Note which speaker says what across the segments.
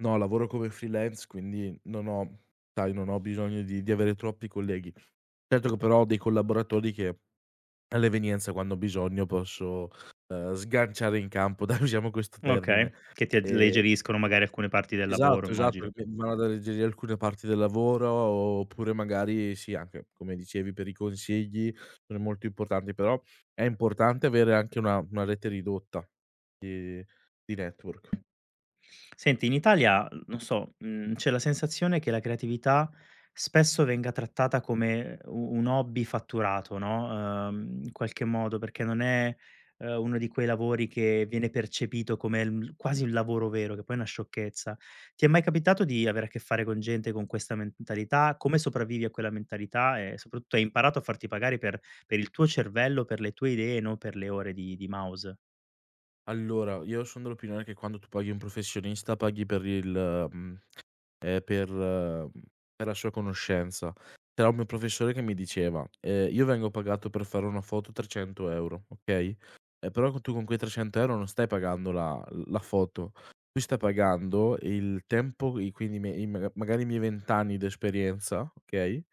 Speaker 1: No, lavoro come freelance, quindi non ho sai, non ho bisogno di di avere troppi colleghi. Certo che però ho dei collaboratori che all'evenienza quando ho bisogno posso, uhm, sganciare in campo, dai usiamo questo termine.
Speaker 2: Okay, che ti
Speaker 1: E
Speaker 2: alleggeriscono magari alcune parti del lavoro,
Speaker 1: Esatto, esatto, che
Speaker 2: immagino.
Speaker 1: poi v vanno ad alleggerire alcune parti del lavoro o oppure magari sì, anche come dicevi per i consigli sono molto importanti, però è importante avere anche una una rete ridotta di di network
Speaker 2: Senti, in Italia, uhm, no so, mhmm, c'è la sensazione che la creatività, spesso, venga trattata come u un hobby fatturato no, uhm, in qualche modo, perché non è, uhm, uno di quei lavori che viene percepito come l mhmm, quasi un lavoro vero, che poi è una sciocchezza. Ti è mai capitato di avere a che fare con gente con questa mentalità? Come sopravvivi a quella mentalità e, soprattutto, hai imparato a farti pagare per per il tuo cervello, per le tue idee, non per le ore di di mouse?
Speaker 1: Allora io son dell'opinione che quando tu paghi un professionista, paghi per il mhmm, ehm, per mhmm, per la sua conoscenza. C'era un mio professore che mi diceva: "Ehm io vengo pagato per fare una foto 300 €, okay. Eh, però c tu con quei 300 € non stai pagando la la foto, tu stai pagando il tempo, i quindi me i m magari i miei 20 anni d'esperienza, okay,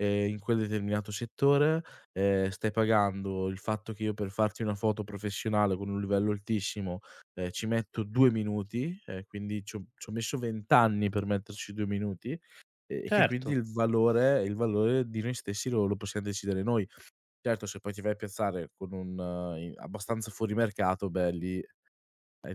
Speaker 1: e in quel determinato settore. Ehm, stai pagando il fatto che io per farti una foto professionale con un livello altissimo, ehm, ci metto 2 minuti e quindi c'ho c'ho messo 20 anni per metterci 2 minuti e che quindi
Speaker 2: Certo.
Speaker 1: il valore il valore di noi stessi lo lo possiam decidere noi." Certo se poi ti vai a piazzare con un uhm, abbastanza fuori mercato, beh, lì, eh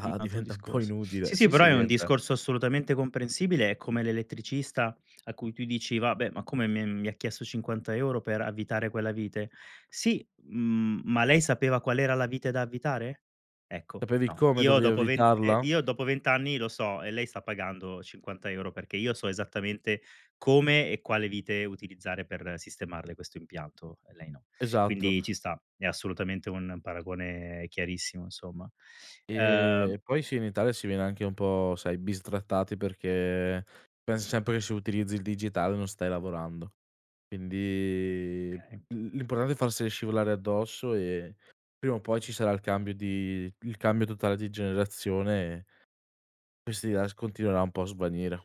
Speaker 2: Un altro
Speaker 1: diventa un po'
Speaker 2: discorso.
Speaker 1: inutile.
Speaker 2: Sì, sì,
Speaker 1: Sì,
Speaker 2: però
Speaker 1: sì,
Speaker 2: è un
Speaker 1: diventa
Speaker 2: discorso assolutamente comprensibile, è come l'elettricista a cui tu dici: "Vabbè, ma come mi è mi ha chiesto 50 € per avvitare quella vite?" "Sì, mhmm, ma lei sapeva qual era la vite da avvitare? Ecco.
Speaker 1: Sapevi
Speaker 2: No.
Speaker 1: come
Speaker 2: Io
Speaker 1: dovevi
Speaker 2: dopo ven eh,
Speaker 1: avvitarla?
Speaker 2: io dopo 20 anni lo so e lei sta pagando 50 € perché io so esattamente come e quale vite utilizzare per sistemarle questo impianto e lei no."
Speaker 1: Esatto.
Speaker 2: Quindi ci sta, è assolutamente un paragone chiarissimo insomma. Uhm
Speaker 1: E poi sì, in Italia si viene anche un po', sai, bistrattati perché pens sempre che se utilizzi il digitale non stai lavorando. Quindi l
Speaker 2: Okay.
Speaker 1: l'importante è farsele scivolare addosso e prima o poi ci sarà il cambio di il cambio totale di generazione e questi es continuerà un po' a svanire.